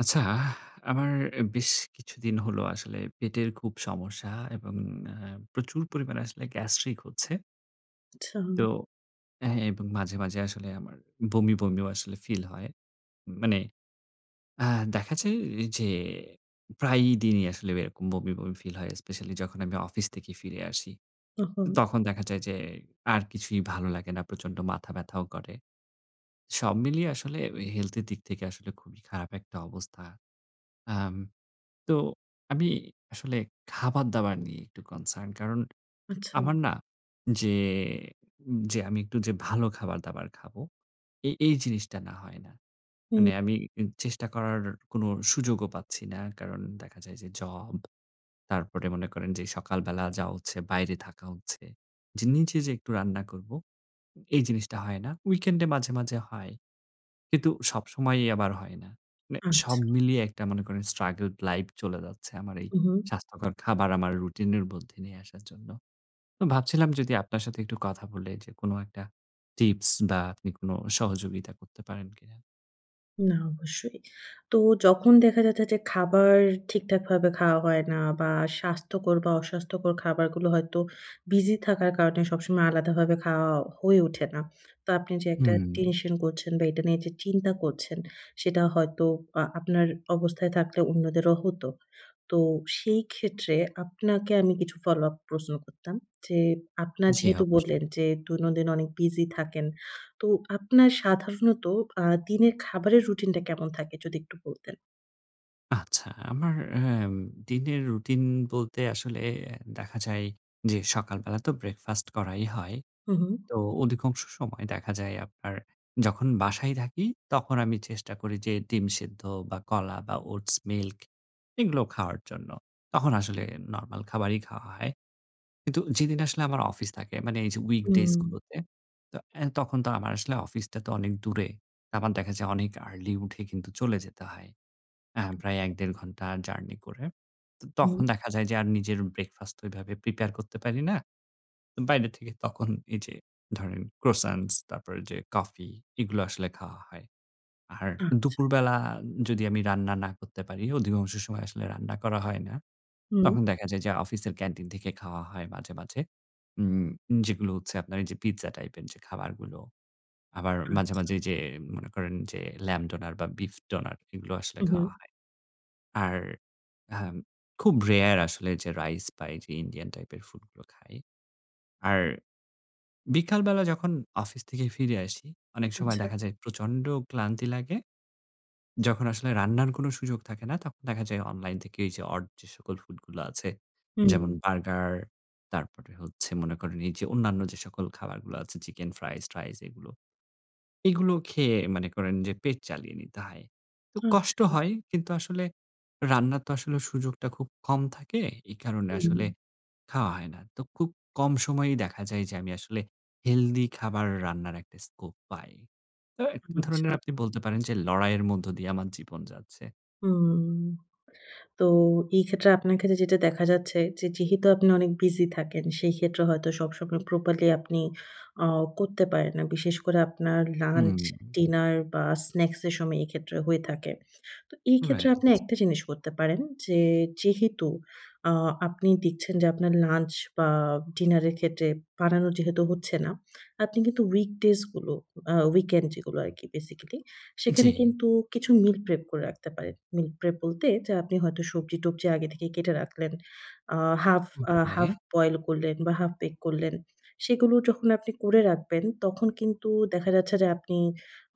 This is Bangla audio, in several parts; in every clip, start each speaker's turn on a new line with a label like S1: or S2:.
S1: আচ্ছা, আমার অ্যা বেশ কিছুদিন হলো আসলে পেটের খুব সমস্যা এবং আ প্রচুর পরিমাণে আসলে গ্যাস্ট্রিক হচ্ছে।
S2: আচ্ছা।
S1: তো, অ্যা এবং মাঝে, মাঝে আসলে আমার, বমি, বমিও আসলে ফিল হয়। ম মানে, আ দেখা যায় যে, প্রায়ই দিনই আসলে এরকম বমি, বমি ফিল হয় স্পেশালি যখন আমি অফিস থেকে ফিরে আসি।
S2: ওহো।
S1: তখন দেখা যায় যে, আর কিছুই ভালো লাগে না। প্রচন্ড মাথা ব্যাথাও করে। সব মিলিয়ে আসলে ঐ হেলথ এর দিক থেকে আসলে খুবই খারাপ একটা অবস্থা। আম তো আমি, আসলে খাবারদাবার নিয়ে একটু concerned কারণ
S2: আচ্ছা।
S1: আমার না, যে যে আমি একটু যে ভালো খাবার-দাবার খাবো, এই এই জিনিসটা না হয় না।
S2: হুম।
S1: মানে আমি ই চেষ্টা করার কোন সুযোগও পাচ্ছি না। কারণ দেখা যায় যে জব, তারপরে মনে করেন যে সকালবেলা যাওয়া হচ্ছে, বাইরে থাকা হচ্ছে। যে নিজে যে একটু রান্না করব। এই জিনিসটা হয় না। weekend এ মাঝে, মাঝে হয়। কিন্তু সবসময়ই আমার হয় না। মানে
S2: আচ্ছা।
S1: সব মিলিয়ে একটা মনে করেন struggled life চলে যাচ্ছে আমার এই
S2: উহু।
S1: স্বাস্থ্যকর খাবার আমার রুটিনের মধ্যে নিয়ে আসার জন্য। তো ভাবছিলাম যদি আপনার সাথে একটু কথা বলে যে কোন একটা টিপস বা আপনি কোন সহযোগিতা করতে পারেন কিনা?
S2: না অবশ্যই। তো যখন দেখা যাচ্ছে যে খাবার ঠিকঠাকভাবে খাওয়া হয়না বা স্বাস্থ্যকর বা অস্বাস্থ্যকর খাবারগুলো হয়তো বিজি থাকার কারণে সবসময় আলাদাভাবে খাওয়া হয়ে ওঠে না। তো আপনি যে একটা
S1: হুম।
S2: টেনশন করছেন বা এটা নিয়ে যে চিন্তা করছেন, সেটা হয়তো আ আপনার অবস্থায় থাকলে অন্যদেরও হতো। তো সেই ক্ষেত্রে আপনাকে আমি কিছু ফলো আপ প্রশ্ন করতাম। যে আপনার
S1: জ্বি
S2: যেহেতু বললেন
S1: অবশ্যই।
S2: যে দৈনন্দিন অনেক বিজি থাকেন। তো আপনার সাধারণত আ দিনের খাবারের রুটিনটা কেমন থাকে যদি একটু বলতেন?
S1: আচ্ছা, আমার অ্যাম দিনের রুটিন বলতে আসলে দেখা যায় যে সকাল বেলা তো ব্রেকফাস্ট করাই হয়।
S2: হু, হু।
S1: তো অধিকাংশ সময় দেখা যায় আপনার যখন বাসায় থাকি তখন আমি চেষ্টা করি যে ডিম সিদ্ধ বা কলা বা ওটস মিল্ক এগুলো খাওয়ার জন্য। তখন আসলে নরমাল খাবারই খাওয়া হয়। কিন্তু যেদিন আসলে আমার অফিস থাকে মানে এই যে উইক ডেইজ
S2: হুম।
S1: গুলোতে, তো অ্যা তখন তো আমার আসলে অফিসটা তো অনেক দূরে। আবার দেখা যায় অনেক আর্লি উঠে কিন্তু চলে যেতে হয়। আ প্রায় ১-১.৫ ঘণ্টা জার্নি করে। তো
S2: হুম।
S1: তখন দেখা যায় যে আর নিজের ব্রেকফাস্ট ওইভাবে প্রিপেয়ার করতে পারি না। বাইরে থেকে তখন এই যে ধরেন ক্রোসান্টস তারপর ওইযে কফি এগুলো আসলে খাওয়া হয়। আর
S2: আচ্ছা।
S1: দুপুরবেলা যদি আমি রান্না না করতে পারি, অধিকাংশ সময় আসলে রান্না করা হয় না।
S2: হুম।
S1: তখন দেখা যায় যে অফিসের ক্যান্টিন থেকে খাওয়া হয় মাঝে, মাঝে। উম যেগুলো হচ্ছে আপনার এইযে পিজ্জা টাইপের যে খাবারগুলো। আবার মাঝে,
S2: আচ্ছা।
S1: মাঝে এইযে মনে করেন যে ল্যাম্ব ডোনার বা বিফ ডোনার এগুলো আসলে খাওয়া
S2: উহু।
S1: হয়। আর হ্যাঁম খুব রেয়ার আসলে যে রাইস পাই যে ইন্ডিয়ান টাইপের ফুডগুলো খাই। আর বিকালবেলা যখন অফিস থেকে ফিরে আসি, অনেক সময়
S2: আচ্ছা।
S1: দেখা যায় প্রচন্ড ক্লান্তি লাগে। যখন আসলে রান্নার কোন সুযোগ থাকে না, তখন দেখা যায় অনলাইন থেকে এইযে অড যে সকল ফুড গুলো আছে
S2: হুম।
S1: যেমন, বার্গার তারপরে হচ্ছে মনে করেন এইযে অন্যান্য যে সকল খাবারগুলো আছে চিকেন ফ্রাইস-ট্রাইস এগুলো। এগুলো খেয়ে মানে করেন যে পেট চালিয়ে নিতে হয়। তো কষ্ট
S2: আচ্ছা।
S1: হয় কিন্তু আসলে রান্নার তো আসলে সুযোগটা খুব কম থাকে। এই কারণে আসলে
S2: হুম।
S1: খাওয়া হয় না। তো খুব কম সময়েই দেখা যায় যে আমি আসলে হেলদি খাবার রান্নার একটা স্কোপ পাই। তো এ
S2: আচ্ছা।
S1: ধরনের আপনি বলতে পারেন যে লড়াইয়ের মধ্য দিয়ে আমার জীবন যাচ্ছে।
S2: হুম, তো এই ক্ষেত্রে আপনার ক্ষেত্রে যেটা দেখা যাচ্ছে, যে যেহেতু আপনি অনেক বিজি থাকেন, সেই ক্ষেত্রে হয়তো সবসময় প্রপারলি আপনি অ করতে পারেন না। বিশেষ করে আপনার লাঞ্চ,
S1: হুম।
S2: ডিনার বা স্ন্যাকস এর সময়, এক্ষেত্রে হয়ে থাকে। তো এই ক্ষেত্রে
S1: রাইট।
S2: আপনি একটা জিনিস করতে পারেন, যে যেহেতু আ আপনি দিচ্ছেন যে আপনার লাঞ্চ বা ডিনার এর ক্ষেত্রে বানানো যেহেতু হচ্ছে না, আপনি কিন্তু weekdays গুলো, আ weekend যেগুলো আরকি, বেসিক্যালি
S1: জি।
S2: সেখানে কিন্তু কিছু মিল প্রেপ করে রাখতে পারেন। মিল প্রেপ বলতে, যা আপনি হয়তো সবজি-টবজি আগে থেকেই কেটে রাখলেন, আ হাফ আ হাফ
S1: ওকে।
S2: বয়েল করলেন বা হাফ বেক করলেন। সেগুলো যখন আপনি করে রাখবেন, তখন কিন্তু দেখা যাচ্ছে যে আপনি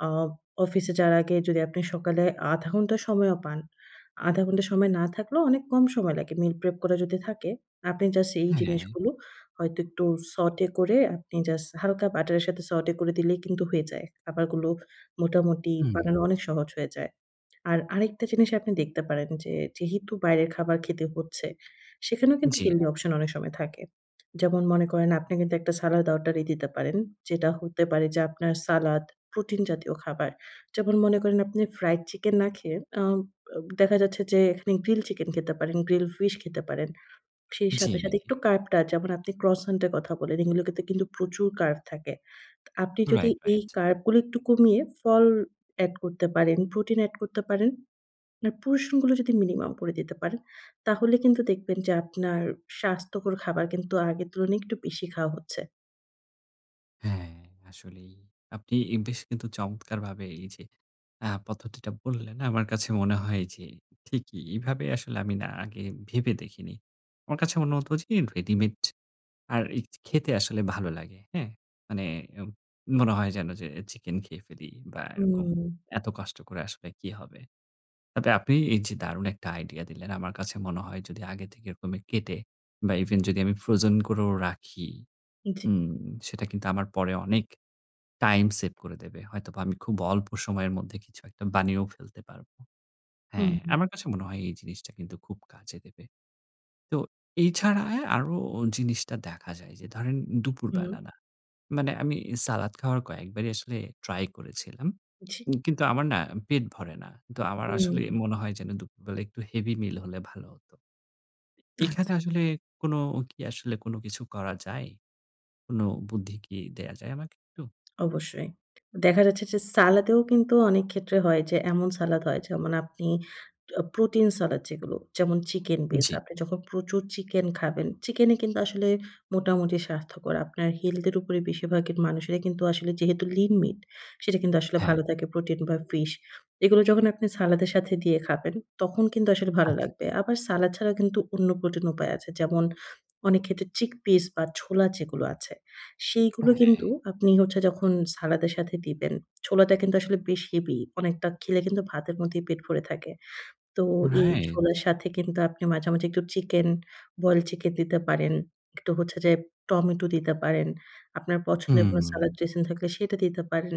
S2: আ অফিসে যাওয়ার আগে যদি আপনি সকালে ০.৫ ঘন্টা সময়ও পান, ০.৫ ঘন্টা সময় না থাকলেও অনেক কম সময় লাগে। মিল প্রেপ করা যদি থাকে, আপনি জাস্ট এই জিনিস
S1: হ্যাঁ।
S2: গুলো হয়তো একটু saute করে, আপনি জাস্ট হালকা বাটারের সাথে saute করে দিলেই কিন্তু হয়ে যায়। খাবারগুলো মোটামুটি
S1: হু।
S2: বানানো অনেক সহজ হয়ে যায়। আর আরেকটা জিনিস আপনি দেখতে পারেন, যে যেহেতু বাইরের খাবার খেতে হচ্ছে, সেখানেও কিন্তু
S1: জি।
S2: হেলথি অপশন অনেক সময় থাকে। যেমন মনে করেন, আপনি কিন্তু একটা সালাদ অর্ডারই দিতে পারেন, যেটা হতে পারে যে আপনার সালাদ, প্রোটিন জাতীয় খাবার। যেমন মনে করেন, আপনি ফ্রাইড চিকেন না খেয়ে আ অ দেখা যাচ্ছে যে এখানে গ্রিল চিকেন খেতে পারেন, গ্রিল ফিশ খেতে পারেন। সেই
S1: জি।
S2: সাথে, সাথে একটু কার্বটা, যেমন আপনি ক্রসান্ট এর কথা বলেন, এগুলোতে কিন্তু প্রচুর কার্ব থাকে। আপনি যদি
S1: রাইট,
S2: এই
S1: রাইট।
S2: কার্ব গুলি একটু কমিয়ে ফল এড করতে পারেন, প্রোটিন এড করতে পারেন, আপনার portion গুলো যদি মিনিমাম করে দিতে পারেন, তাহলে কিন্তু দেখবেন যে আপনার স্বাস্থ্যকর খাবার কিন্তু আগের তুলনায় একটু বেশি খাওয়া হচ্ছে।
S1: হ্যাঁ, আসলেই, আপনি ইম বেশ কিন্তু চমৎকারভাবে এই যে আ পদ্ধতিটা বললেন। আমার কাছে মনে হয় যে ঠিকই, এইভাবে আসলে আমি না আগে ভেবে দেখিনি। আমার কাছে মনে হত যে এম রেডিমেড, আর এই খেতে আসলে ভালো লাগে। হ্যাঁ? মানে এম মনে হয় যেন যে চিকেন খেয়ে ফেলি বা এরকম।
S2: হুম।
S1: এত কষ্ট করে আসলে কী হবে? তবে আপনি এই যে দারুণ একটা আইডিয়া দিলেন, আমার কাছে মনে হয় যদি আগে থেকে এরকমে কেটে, বা ইভেন যদি আমি ফ্রোজেন করেও রাখি।
S2: জ্বী।
S1: উম সেটা কিন্তু আমার পরে অনেক টাইম সেভ করে দেবে। হয়তোবা আমি খুব অল্প সময়ের মধ্যে কিছু একটা বানিয়েও ফেলতে পারব।
S2: হু,
S1: হ্যাঁ,
S2: হু।
S1: আমার কাছে মনে হয় এই জিনিসটা কিন্তু খুব কাজে দেবে। তো এছাড়া আরো অ জিনিসটা দেখা যায় যে ধরেন,
S2: হুম।
S1: দুপুরবেলা না মানে আমি সালাদ খাওয়ার কয়েকবারই আসলে ট্রাই করেছিলাম।
S2: জ্বী।
S1: উম কিন্তু আমার না পেট ভরে না। কিন্তু আমার আসলে
S2: হুম।
S1: মনে হয় যে দুপুরবেলা একটু হেভি মিল হলে ভালো হত। এইখানে
S2: আচ্ছা।
S1: আসলে কোন কি আসলে কোন কিছু করা যায়? কোন বুদ্ধি কি দেয়া যায় আমাকে একটু?
S2: অবশ্যই। দেখা যাচ্ছে যে সালাদেও কিন্তু অনেক ক্ষেত্রে হয় যে, এমন সালাদ হয় যেমন আপনি আ প্রোটিন সালাদ যেগুলো। যেমন চিকেন বেইজ,
S1: জ্বী।
S2: আপনি যখন প্রচুর চিকেন খাবেন, চিকেন এ কিন্তু আসলে মোটামুটি স্বাস্থ্যকর। আপনার হেলথ এর উপরে বেশিরভাগের মানুষেরা কিন্তু আসলে যেহেতু lean meat সেটা কিন্তু আসলে
S1: হ্যাঁ।
S2: ভালো থাকে প্রোটিন বা ফিশ। এইগুলো যখন আপনি সালাদের সাথে দিয়ে খাবেন তখন কিন্তু আসলে ভালো
S1: আচ্ছা।
S2: লাগবে। আবার সালাদ ছাড়া কিন্তু অন্য প্রোটিন উপায় আছে। যেমন অনেক ক্ষেত্রে চিকপিস বা ছোলা যেগুলো আছে,
S1: আ
S2: সেইগুলো
S1: হ্যাঁ।
S2: কিন্তু আপনি হচ্ছে যখন সালাদের সাথে দিবেন। ছোলাটা কিন্তু আসলে বেশ হেভি। অনেকটা খেলে কিন্তু ভাতের মতোই পেট ভরে থাকে। তো এই
S1: রাইট।
S2: ছোলার সাথে কিন্তু আপনি মাঝে, মাঝে একটু চিকেন, বয়েলড চিকেন দিতে পারেন। একটু হচ্ছে যে টমেটো দিতে পারেন। আপনার পছন্দের কোন
S1: হুম।
S2: সালাদ ড্রেসিং থাকলে সেটা দিতে পারেন।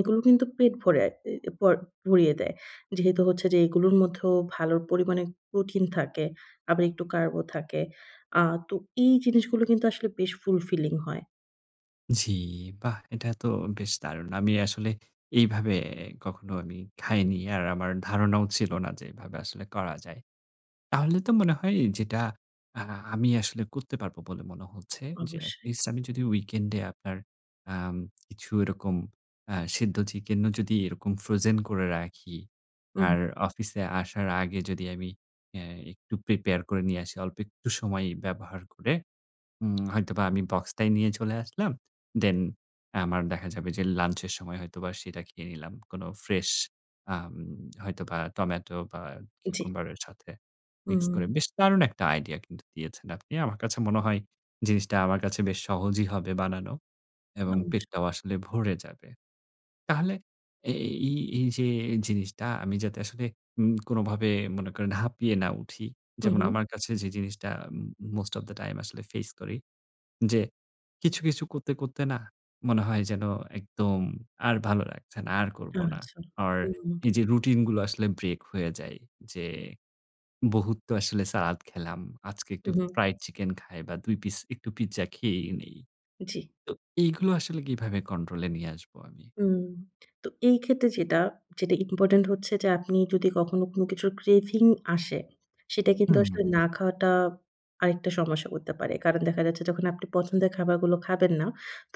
S2: এগুলো কিন্তু পেট ভরায়ে অ্যা প ভরিয়ে দেয়। যেহেতু হচ্ছে যে এইগুলোর মধ্যেও ভালোর পরিমাণে প্রোটিন থাকে। আবার একটু কার্বও থাকে। আ তো এই জিনিসগুলো কিন্তু আসলে বেশ fulfilling হয়।
S1: জি, বাহ! এটা তো বেশ দারুণ! আমি আসলে এইভাবে কখনো আমি খাইনি। আর আমার ধারণাও ছিল না যে এভাবে আসলে করা যায়। তাহলে তো মনে হয় যেটা আ আমি আসলে করতে পারব বলে মনে হচ্ছে, যে
S2: অবশ্যই।
S1: এটলিস্ট আমি যদি উইকেন্ডে আপনার আম কিছু এরকম আ সিদ্ধ চিকেন ও যদি এরকম ফ্রোজেন করে রাখি আর
S2: উহু।
S1: অফিসে আসার আগে যদি আমি অ্যা একটু প্রিপেয়ার করে নিয়ে আসি অল্প একটু সময় ব্যবহার করে। উম হয়তোবা আমি বক্সটায় নিয়ে চলে আসলাম। দেন আমার দেখা যাবে যে লাঞ্চ এর সময় হয়তোবা সেটা খেয়ে নিলাম। কোন ফ্রেশ আম হয়তোবা টমেটো বা
S2: জি।
S1: কিউকাম্বার এর সাথে মিক্স করে
S2: উম
S1: বেশ দারুণ একটা আইডিয়া কিন্তু দিয়েছেন আপনি। আমার কাছে মনে হয় জিনিসটা আমার কাছে বেশ সহজই হবে বানানো এবং
S2: অবশ্যই।
S1: পেটটাও আসলে ভরে যাবে। তাহলে এ এই এইযে, এই জিনিসটা আমি যাতে আসলে উম কোনভাবে মনে করে হাঁপিয়ে না উঠি।
S2: হু,
S1: যেমন
S2: হু।
S1: আমার কাছে যে জিনিসটা ম মোস্ট ওফ দা টাইম আসলে ফেইস করি। যে কিছু, কিছু করতে, করতে নাহ, মনে হয় যেন একদম আর ভালো লাগছে না। আর করব না।
S2: আচ্ছা
S1: অর
S2: হুম।
S1: এই যে রুটিন গুলো আসলে ব্রেক হয়ে যায় যে বহুত তো আসলে সালাদ খেলাম। আজকে একটু
S2: উহু।
S1: ফ্রাইড চিকেন খাই বা ২ পিস একটু পিজ্জা খেয়েই নেই।
S2: জি।
S1: তো এগুলো আসলে কিভাবে কন্ট্রোল নিয়ে আসবো আমি?
S2: হুম, তো এই ক্ষেত্রে যেটা, যেটা ইম্পোর্টেন্ট হচ্ছে যে আপনি যদি কখনো কোন কিছুর craving আসে সেটা কিন্তু
S1: হুম।
S2: আসলে না খাওয়াটা আরেকটা সমস্যা করতে পারে। কারণ দেখা যাচ্ছে যখন আপনি পছন্দের খাবারগুলো খাবেন না,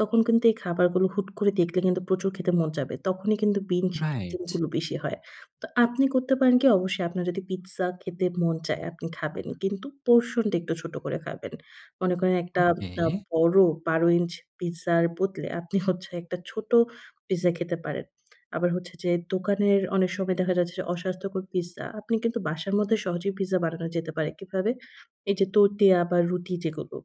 S2: তখন কিন্তু এই খাবারগুলো হুট করে দেখলে কিন্তু প্রচুর খেতে মন চাবে। তখনই কিন্তু বিনজ
S1: রাইট।
S2: জিনিস গুলো বেশি হয়। তো আপনি করতে পারেন কি অবশ্যই আপনার যদি পিজ্জা খেতে মন চায় আপনি খাবেন। কিন্তু portion টা একটু ছোট করে খাবেন। মনে করেন একটা আ
S1: ওকে।
S2: বড় ১২″ পিজ্জার বদলে আপনি হচ্ছে একটা ছোট পিজ্জা খেতে পারেন। আবার হচ্ছে যে দোকানের অনেক সময় দেখা যাচ্ছে যে অস্বাস্থ্যকর পিজ্জা। আপনি কিন্তু বাসার মধ্যে সহজেই পিজ্জা বানানো যেতে পারে। কিভাবে? এই যে তোতিয়া বা রুটি যেগুলো।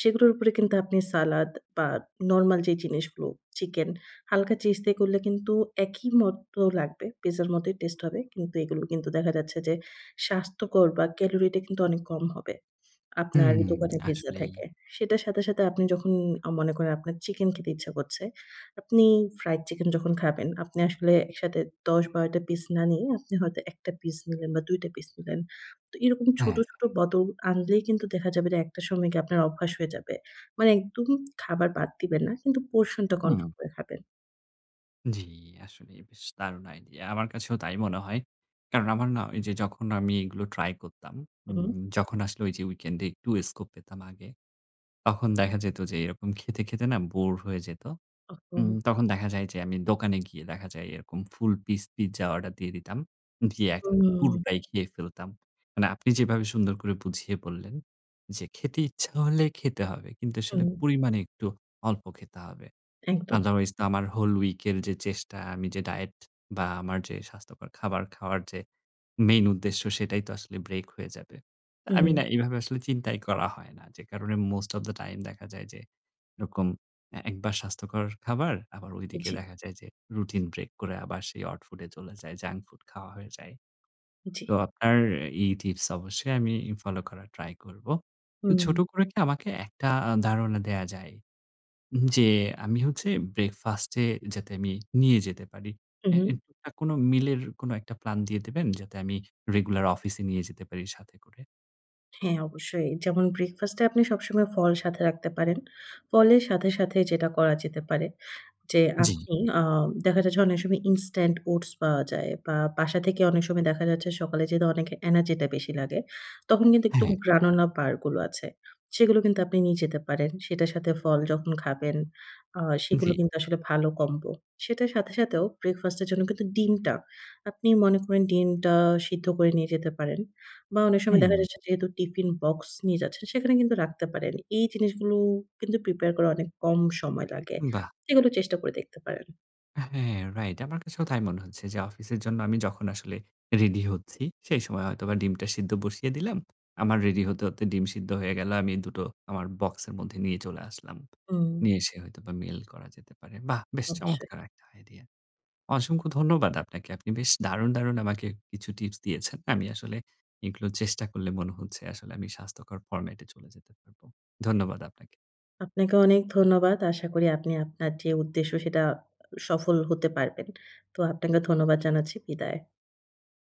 S2: সেগুলোর উপরে কিন্তু আপনি সালাদ বা নরমাল যে জিনিসগুলো চিকেন হালকা চিজ দিয়ে করলে কিন্তু একই মত লাগবে। পিজ্জার মতই টেস্ট হবে। কিন্তু এগুলো কিন্তু দেখা যাচ্ছে যে স্বাস্থ্যকর বা ক্যালোরিটা কিন্তু অনেক কম হবে। আপনার
S1: হুম,
S2: দোকানের পিজ্জা
S1: আসলেই।
S2: থেকে। সেটার সাথে, সাথে আপনি যখন আ মনে করেন আপনার চিকেন খেতে ইচ্ছা করছে। আপনি ফ্রাইড চিকেন যখন খাবেন, আপনি আসলে একসাথে ১০-১২ টা পিস না নিয়ে আপনি হয়তো ১ টা পিস নিলেন বা ২ টা পিস নিলেন। তো এরকম ছোট,
S1: হ্যাঁ।
S2: ছোট বদল আনলেই কিন্তু দেখা যাবে যে একটা সময় গিয়ে আপনার অভ্যাস হয়ে যাবে। মানে একদম খাবার বাদ দিবেন না। কিন্তু পোরশন টা
S1: হুম।
S2: কন্ট্রোল করে খাবেন।
S1: জি, আসলে বেশ দারুণ আইডিয়া। আমার কাছেও তাই মনে হয়। কারণ আমার না ওইযে যখন আমি এগুলো ট্রাই করতাম,
S2: হু, হু।
S1: উম যখন আসলে ওইযে উইকেন্ড এ একটু স্কোপ পেতাম আগে। তখন দেখা যেত যে এরকম খেতে, খেতে না বোরড হয়ে যেত।
S2: ওহ
S1: উম
S2: হো!
S1: তখন দেখা যায় যে আমি দোকানে গিয়ে দেখা যায় এরকম ফুল পিস পিজ্জা অর্ডার দিয়ে দিতাম। দিয়ে এখন
S2: হুম।
S1: পুরোটাই খেয়ে ফেলতাম। মানে আপনি যেভাবে সুন্দর করে বুঝিয়ে বললেন, যে খেতে ইচ্ছা হলে খেতে হবে। কিন্তু আসলে
S2: হুম।
S1: পরিমাণে একটু অল্প খেতে হবে।
S2: একদম।
S1: আদারওয়াইজ তো আমার হোল উইক এর যে চেষ্টা, আমি যে ডায়েট বা আমার যে স্বাস্থ্যকর খাবার খাওয়ার যে মেইন উদ্দেশ্য, সেটাই তো আসলে ব্রেক হয়ে যাবে। আমি
S2: হুম।
S1: না এভাবে আসলে চিন্তাই করা হয় না। যে কারণে মোস্ট অব দি টাইম দেখা যায় যে যেরকম একবার স্বাস্থ্যকর খাবার আবার ওই দিকে
S2: জ্বি।
S1: দেখা যায় যে রুটিন ব্রেক করে আবার সেই অড ফুড এ চলে যায়, জাঙ্ক ফুড খাওয়া হয়ে যায়।
S2: জ্বি।
S1: তো আপনার এই টিপস অবশ্যই আমি ফলো করার ট্রাই করব। তো
S2: হুম।
S1: ছোট করে কি আমাকে একটা আ ধারণা দেয়া যায় যে আমি হচ্ছে ব্রেকফাস্টে যাতে আমি নিয়ে যেতে পারি। এ
S2: উহু।
S1: [unintelligible] কোনো মিল এর কোন একটা প্ল্যান দিয়ে দেবেন? যাতে আমি রেগুলার অফিসে নিয়ে যেতে পারি সাথে করে?
S2: হ্যাঁ, অবশ্যই। যেমন ব্রেকফাস্ট এ আপনি সবসময় ফল সাথে রাখতে পারেন। ফলের সাথে, সাথে যেটা করা যেতে পারে যে
S1: জী।
S2: আপনি আ দেখা যায় যে অনেক সময় ইনস্ট্যান্ট ওটস পাওয়া যায় বা বাসা থেকে অনেক সময় দেখা যাচ্ছে সকালে যেহেতু অনেকের এনার্জিটা বেশি লাগে, তখন কিন্তু একটু
S1: হ্যাঁ।
S2: গ্রানুলা বার গুলো আছে। সেগুলো কিন্তু আপনি নিয়ে যেতে পারেন। সেটার সাথে ফল যখন খাবেন। আ সেগুলো
S1: জী।
S2: কিন্তু আসলে ভালো কম্বো। সেটার সাথে সাথেও ব্রেকফাস্ট এর জন্য কিন্তু ডিমটা। আপনি মনে করেন ডিমটা সিদ্ধ করে নিয়ে যেতে পারেন বা অনেক সময় দেখা
S1: হুম।
S2: যাচ্ছে যেহেতু টিফিন বক্স নিয়ে যাচ্ছেন সেখানে কিন্তু রাখতে পারেন। এই জিনিসগুলো কিন্তু প্রিপেয়ার করা অনেক কম সময় লাগে।
S1: বাহ!
S2: এগুলো চেষ্টা করে দেখতে পারেন।
S1: আ হ্যাঁ, রাইট। আমার কাছেও তাই মনে হচ্ছে যে অফিসের জন্য আমি যখন আসলে রেডি হচ্ছি সেই সময় হয়তোবা ডিমটা সিদ্ধ বসিয়ে দিলাম। আমার রেডি হতে, হতে ডিম সিদ্ধ হয়ে গেল। আমি ২ টো আমার বক্সের মধ্যে নিয়ে চলে আসলাম।
S2: হুম।
S1: নিয়ে এসে হয়তোবা মেইল করা যেতে পারে। বাহ! বেশ
S2: অবশ্যই।
S1: চমৎকার একটা আইডিয়া। অসংখ্য ধন্যবাদ আপনাকে। আপনি বেশ দারুণ, দারুণ আমাকে কিছু টিপস দিয়েছেন। আমি আসলে এইগুলো চেষ্টা করলে মনে হচ্ছে আসলে আমি স্বাস্থ্যকর ফরমেট এ চলে যেতে পারব। ধন্যবাদ আপনাকে।
S2: আপনাকে অনেক ধন্যবাদ। আশা করি আপনি আপনার যে উদ্দেশ্য সেটা আ সফল হতে পারবেন। তো আপনাকে ধন্যবাদ জানাচ্ছি। বিদায়।